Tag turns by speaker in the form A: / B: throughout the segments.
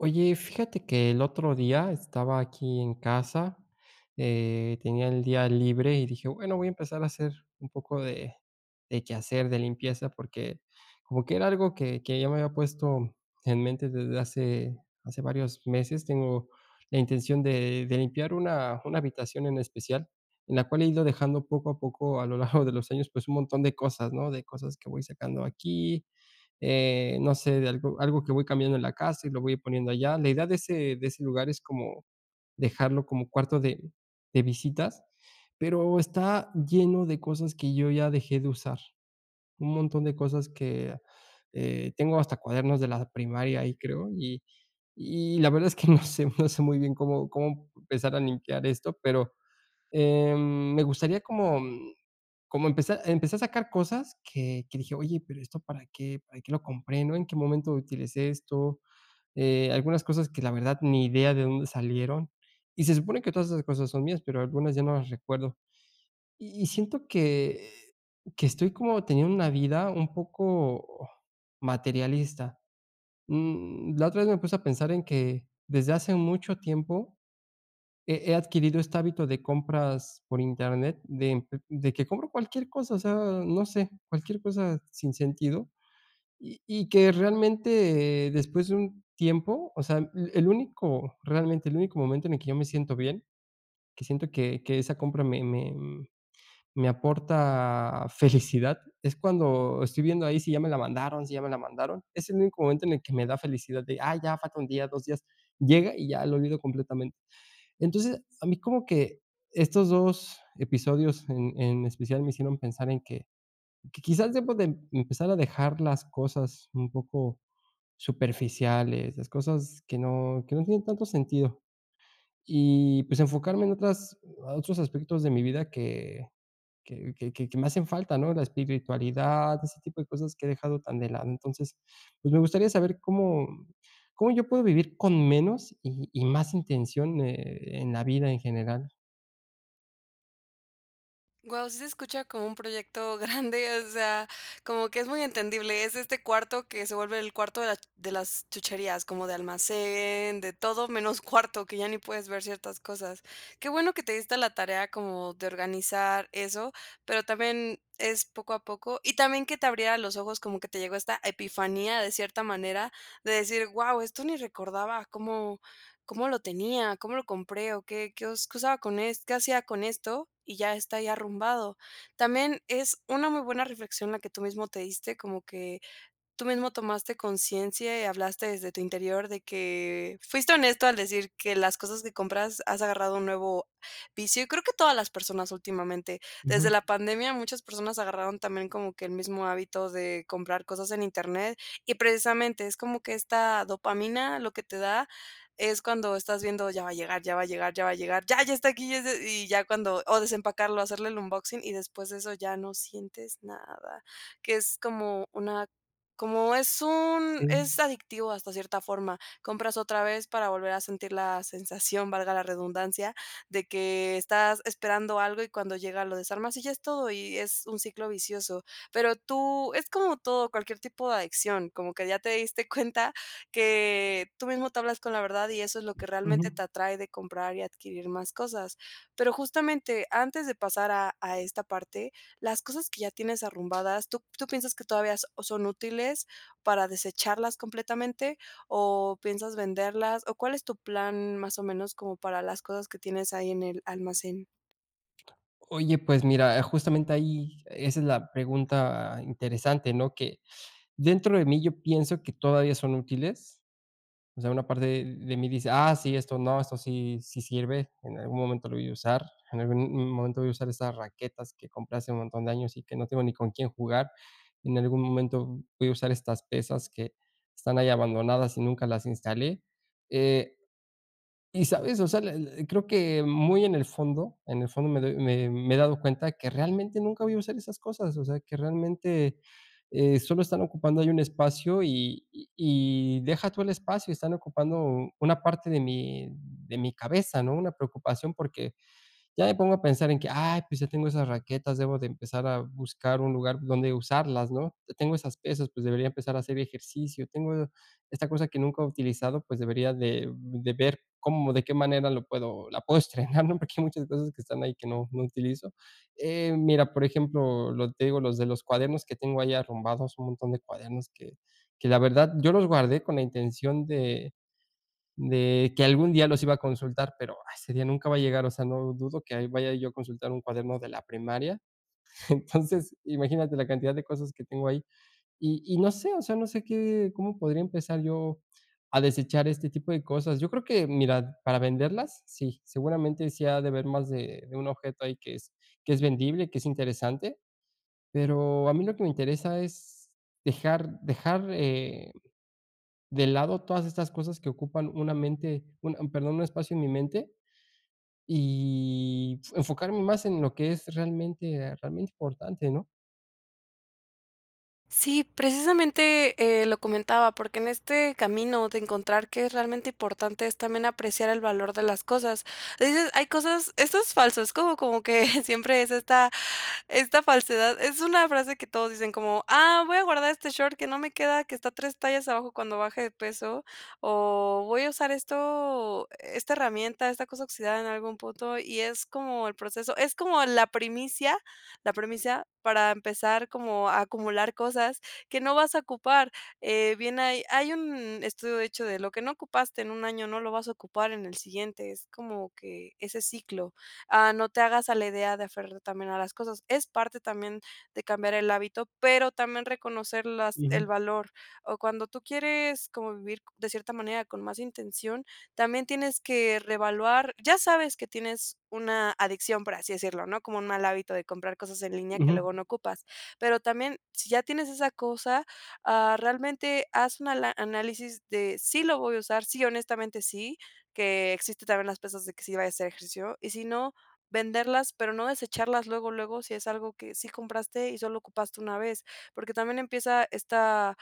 A: Oye, fíjate que el otro día estaba aquí en casa, eh, tenía el día libre y dije: "Bueno, voy a empezar a hacer un poco de de quehacer, de limpieza", porque como que era algo que que ya me había puesto en mente desde hace hace varios meses, tengo la intención de de limpiar una una habitación en especial en la cual he ido dejando poco a poco a lo largo de los años, pues un montón de cosas, ¿no?, de cosas que voy sacando aquí, eh, no sé, de algo algo que voy cambiando en la casa y lo voy poniendo allá. La idea de ese de ese lugar es como dejarlo como cuarto de de visitas, pero está lleno de cosas que yo ya dejé de usar. Un montón de cosas que, eh tengo hasta cuadernos de la primaria ahí, creo, y y la verdad es que no sé no sé muy bien cómo cómo empezar a limpiar esto, pero, em, me gustaría como, mm, como empeza Empecé a sacar cosas que que dije: "Oye, pero, ¿esto para qué? ¿Para que lo compré, no? ¿En qué momento utilicé esto?", eh, algunas cosas que la verdad, ni idea de dónde salieron y se supone que todas esas cosas son mías, pero algunas ya no las recuerdo. Y y siento que que estoy como teniendo una vida un poco materialista. Mm, la otra vez me puse a pensar en que desde hace mucho tiempo, he he adquirido este hábito de compras por internet de de que compro cualquier cosa, o sea, no sé, cualquier cosa sin sentido y y que realmente después de un tiempo O sea, el el único, realmente el único momento en el que yo me siento bien, que siento que que esa compra me me me aporta felicidad es cuando estoy viendo ahí si ya me la mandaron si ya me la mandaron, es el único momento en el que me da felicidad de, ah, ya falta 1 día, 2 días, llega y ya, lo olvido completamente. Entonces, a mí como que estos 2 episodios en en especial me hicieron pensar en que que quizás debo de empezar a dejar las cosas un poco superficiales, las cosas que no que no tienen tanto sentido, y pues enfocarme en otras otros aspectos de mi vida que que que que que me hacen falta, ¿no?, la espiritualidad, ese tipo de cosas que he dejado tan de lado, entonces, pues me gustaría saber cómo cómo yo puedo vivir con menos y y más intención, eh, en la vida en general.
B: Guau, sí se escucha como un proyecto grande. O sea, como que es muy entendible. Es este cuarto que se vuelve el cuarto de la de las chucherías, como de almacén de todo menos cuarto, que ya ni puedes ver ciertas cosas. Qué bueno que te diste a la tarea como de organizar eso, pero también es poco a poco y también que te abriera los ojos como que te llegó esta epifanía de cierta manera de decir: "Guau, esto ni recordaba cómo cómo lo tenía, cómo lo compré o qué qué us qué usaba con es qué hacía con esto, y ya está ahí arrumbado". También es una muy buena reflexión la que tú mismo te diste como que tú mismo tomaste conciencia y hablaste desde tu interior de que Fuiste honesto al decir que las cosas que compras has agarrado un nuevo vicio, y creo que todas las personas últimamente. Desde
A: Ujú.
B: la pandemia, muchas personas agarraron también como que el mismo hábito de comprar cosas en internet y precisamente es como que esta dopamina lo que te da, es cuando estás viendo, ya va a llegar, ya va a llegar, ya va a llegar. Ya, ya está aquí y es de y ya cuando o desempacarlo hacerle el unboxing y después de eso ya no sientes nada, que es como una como es un
A: Sí.
B: es adictivo, hasta cierta forma. Compras otra vez para volver a sentir la sensación, valga la redundancia, de que estás esperando algo y cuando llega, lo desarmas y ya, es todo y es un ciclo vicioso. Pero tú es como todo, cualquier tipo de adicción como que ya te diste cuenta que tú mismo te hablas con la verdad. Y eso es lo que realmente
A: Ujú.
B: te atrae de comprar y adquirir más cosas, pero justamente, antes de pasar a a esta parte, las cosas que ya tienes arrumbadas, ¿tú tú piensas que todavía s son útiles para desecharlas completamente o piensas venderlas o cuál es tu plan, más o menos, como para las cosas que tienes ahí en el almacén?
A: Oye, pues mira, eh, justamente ahí, esa es la pregunta interesante, ¿no?, que dentro de mí, yo pienso que todavía son útiles. O sea, una parte de mí dice: "Ah, sí, esto no, esto sí sí sirve, en algún momento lo voy a usar, en algún m momento voy a usar esas raquetas que compré hace un montón de años y que no tengo ni con quién jugar. En algún momento voy a usar estas pesas que están ahí abandonadas y nunca las instalé". Eh, ¿y sabes?, o sea, e e creo que muy en el fondo, en el fondo me doy me me he dado cuenta que realmente nunca voy a usar esas cosas, o sea, que realmente, eh, sólo están ocupando ahí un espacio y y y deja tú el espacio, están ocupando una parte de mi de mi cabeza, ¿no?, una preocupación porque ya me pongo a pensar en que, "Ay, pues ya tengo esas raquetas, debo de empezar a buscar un lugar donde usarlas", ¿no? "Tengo esas pesas, pues debería empezar a hacer ejercicio. Tengo esta cosa que nunca he utilizado, pues, debería de de ver cómo de qué manera lo puedo, la puedo estrenar", ¿no?, porque hay muchas cosas que están ahí que no, no utilizo. Eh, mira, por ejemplo, lo que te digo, los de los cuadernos que tengo ahí arrumbados, un montón de cuadernos que que la verdad, yo los guardé con la intención de de que algún día los iba a consultar, pero ese día nunca va a llegar. O sea, lo dudo que vaya yo a consultar un cuaderno de la primaria. Entonces, imagínate la cantidad de cosas que tengo ahí y y no sé, o sea, no sé qué cómo podría empezar yo a desechar este tipo de cosas. Yo creo que mira, para venderlas. Sí, seguramente sí ha de haber más de de un objeto ahí que es que es vendible, y que es interesante. Pero a mí lo que me interesa es dejar dejar, eh, de lado todas estas cosas que ocupan una mente un un perdón, un espacio en mi mente, y enfocarme más en lo que es realmente, ah, realmente importante, ¿no?
B: Sí, precisamente, eh, lo comentaba porque en este camino de encontrar qué es realmente importante, es también apreciar el valor de las cosas. Hay cosas esto es falso, es como como que siempre es esta esta falsedad, es una frase que todos dicen, como, "Ah, voy a guardar este short que no me queda, que está 3 tallas abajo cuando baje de peso, o voy a usar esto esta herramienta, esta cosa oxidada en algún punto", y es como el proceso, es como la primicia, la primicia para empezar como a acumular cosas que no vas a ocupar. Eh, bien, hay hay un estudio de hecho, de lo que no ocupaste en 1 año no lo vas a ocupar en el siguiente, es como que ese ciclo. Ah, no te hagas a la idea de aferrarte también a las cosas, es parte también de cambiar el hábito, pero también reconocer las
A: Ujú.
B: el valor o cuando tú quieres como vivir de cierta manera con más intención, también tienes que reevaluar. Ya sabes que tienes una adicción, por así decirlo, ¿no?, como un mal hábito de comprar cosas en línea que
A: Ujú.
B: luego no ocupas, pero también, si ya tienes esa cosa, ah, realmente haz una ala análisis de, sí lo voy a usar, sí, honestamente sí, que existen también las pesas de que si vaya a hacer ejercicio y si no venderlas, pero no desecharlas luego, luego, si es algo que sí compraste y solo ocupaste una vez, porque también empieza esta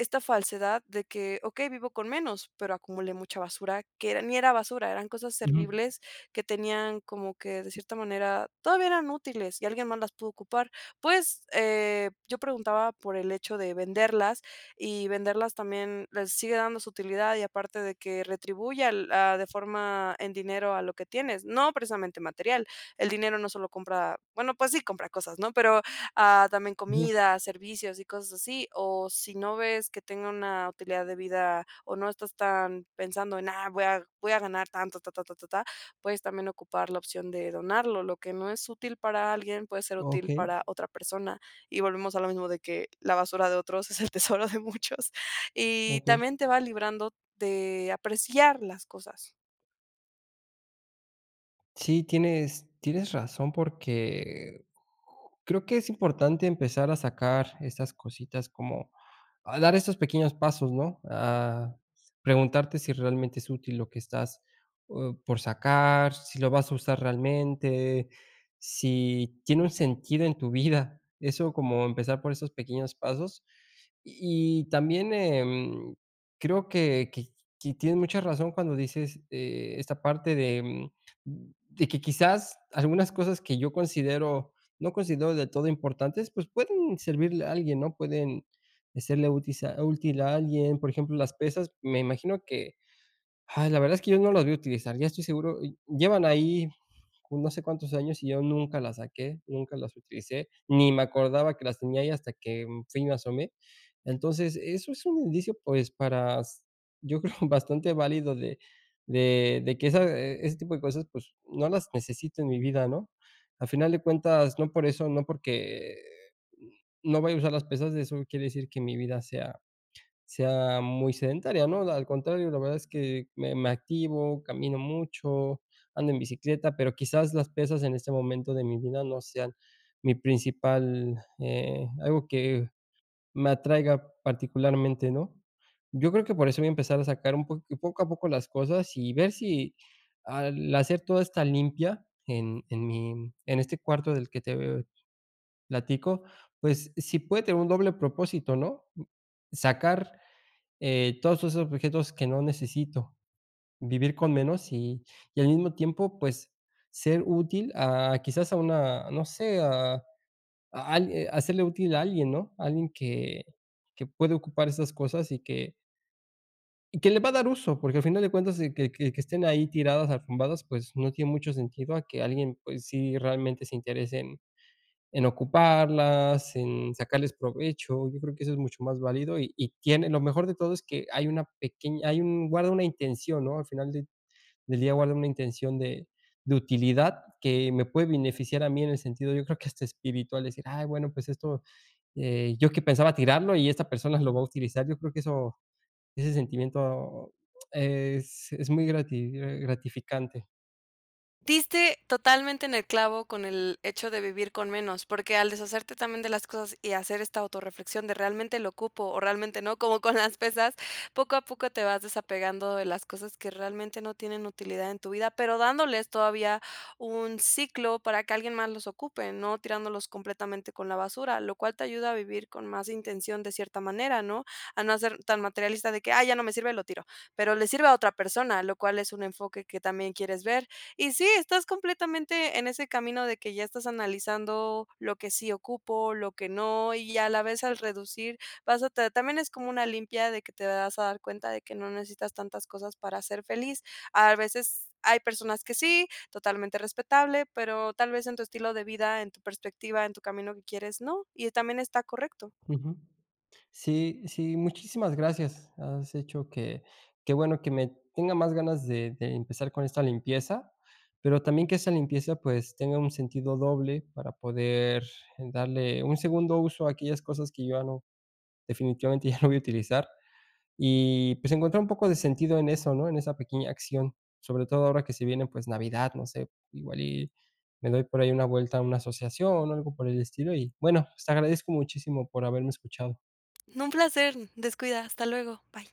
B: esta falsedad de que okey, vivo con menos, pero acumulé mucha basura que era ni era basura, eran cosas
A: Ujú.
B: servibles que tenían como que, de cierta manera, todavía eran útiles y alguien más las pudo ocupar. Pues, eh, yo preguntaba por el hecho de venderlas y venderlas también les sigue dando su utilidad y aparte de que retribuye al ah, de forma en dinero a lo que tienes, no precisamente material. El dinero no solo compra bueno, pues sí compra cosas, ¿no?, pero ah, también
A: Ujú.
B: comida, servicios y cosas así, o si no ves que tenga una utilidad de vida o no estás tan pensando en, ah, voy a voy a ganar tanto, ta, ta, ta, ta, ta, puedes también ocupar la opción de donarlo, lo que no es útil para alguien puede ser útil
A: Okey.
B: para otra persona y volvemos a lo mismo de que la basura de otros es el tesoro de muchos y
A: Okey.
B: también te va librando de apreciar las cosas.
A: Sí, tienes tienes razón, porque creo que es importante empezar a sacar estas cositas, como a dar estos pequeños pasos, ¿no?, a preguntarte si realmente es útil lo que estás o por sacar si lo vas a usar realmente, si tiene un sentido en tu vida, eso como empezar por esos pequeños pasos. Y y también, em, creo que que que tienes mucha razón cuando dices, eh, esta parte de, em, de que quizás algunas cosas que yo considero no considero del todo importantes, pues, pueden servirle a alguien, ¿no?, pueden hacerle útil a útil a alguien, por ejemplo, las pesas, me imagino que, ay, la verdad es que yo no las voy a utilizar, ya estoy seguro. Y llevan ahí no sé cuántos años y yo nunca las saqué, nunca las utilicé, ni me acordaba que las tenía ahí hasta que, mm, fui y me asomé. Entonces, eso es un indicio, pues, para s yo creo bastante válido de de de que esa, eh, ese tipo de cosas, pues, no las necesito en mi vida, ¿no? A final de cuentas, no por eso no, porque no voy a usar las pesas, eso no quiere decir que mi vida sea sea muy sedentaria, ¿no? Al contrario, la verdad es que me me activo, camino mucho, ando en bicicleta, pero quizás las pesas en este momento de mi vida no sean mi principal eh, algo que me atraiga particularmente, ¿no? Yo creo que por eso voy a empezar a sacar un poc poco a poco las cosas y ver si al hacer toda esta limpia en en mi en este cuarto del que te platico. Pues, sí puede tener un doble propósito, ¿no?, mm, sacar, eh, todos esos objetos que no necesito, vivir con menos y y al mismo tiempo, pues, ser útil, ah, quizás a una, no sé, a algui a serle útil a alguien, ¿no?, alguien que que puede ocupar esas cosas y que Y que le va a dar uso porque, al final de cuentas, que que que estén ahí tiradas, arrumbadas, pues, no tiene mucho sentido a que alguien, pues, sí realmente se interese en en ocuparlas, en sacarles provecho, yo creo que eso es mucho más válido y y tiene Lo mejor de todo, es que hay una pequeña hay un guarda una intención, ¿no?, al final de del día guarda una intención de de utilidad que me puede beneficiar a mí en el sentido, yo creo que hasta espiritual, decir: "Ay, bueno, pues esto, eh, yo que pensaba tirarlo y esta persona lo va a utilizar". Yo creo que eso ese sentimiento es es muy grati gratificante.
B: Diste totalmente en el clavo con el hecho de vivir con menos, porque al deshacerte también de las cosas y hacer esta autorreflexión de realmente lo ocupo o realmente no, como con las pesas, poco a poco te vas desapegando de las cosas que realmente no tienen utilidad en tu vida, pero dándoles todavía un ciclo para que alguien más los ocupe, no tirándolos completamente con la basura, lo cual te ayuda a vivir con más intención de cierta manera, ¿no? A no ser tan materialista de que, "Ay, ya no me sirve, lo tiro", pero le sirve a otra persona, lo cual es un enfoque que también quieres ver. Y sí, estás completamente en ese camino de que ya estás analizando lo que sí ocupo, lo que no y, a la vez, al reducir, vas a ta también es como una limpia de que te vas a dar cuenta de que no necesitas tantas cosas para ser feliz. A veces hay personas que sí, totalmente respetable, pero tal vez en tu estilo de vida, en tu perspectiva, en tu camino que quieres, no, y también está correcto.
A: Ujú. Sí, sí, muchísimas gracias. Has hecho que que bueno que me tenga más ganas de de empezar con esta limpieza, pero también que esa limpieza, pues, tenga un sentido doble para poder darle un segundo uso a aquellas cosas que yo ya no, definitivamente ya no voy a utilizar y, pues, encontrar un poco de sentido en eso, ¿no?, en esa pequeña acción, sobre todo ahora que se viene, pues, navidad, no sé, igual y me doy por ahí una vuelta a una asociación o algo por el estilo y, bueno, te agradezco muchísimo por haberme escuchado.
B: No, un placer, descuida, hasta luego, bye.